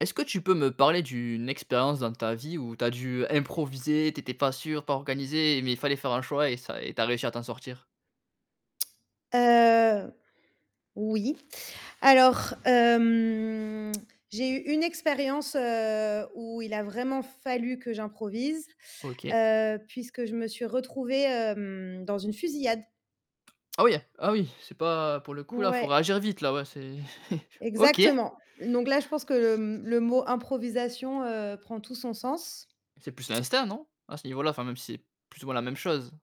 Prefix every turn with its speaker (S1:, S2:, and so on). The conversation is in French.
S1: Est-ce que tu peux me parler d'une expérience dans ta vie où tu as dû improviser, tu étais pas sûre, pas organisée mais il fallait faire un choix et ça et tu as réussi à t'en sortir?
S2: Heu, oui. Alors hem, j'ai eu une expérience, heu, où il a vraiment fallu que j'improvise,
S1: OK.
S2: heu, puisque je me suis retrouvée, hem, dans une fusillade.
S1: Ah oui ah oui, c'est pas pour le coup là, faut
S2: Ouais.
S1: réagir vite là, ouais c'est OK.
S2: Exactement. Donc là je pense que le le mot improvisation, heu, prend tout son sens.
S1: C'est plus l'instinct, non? À ce niveau là, enfin même si c'est plus ou moins la même chose.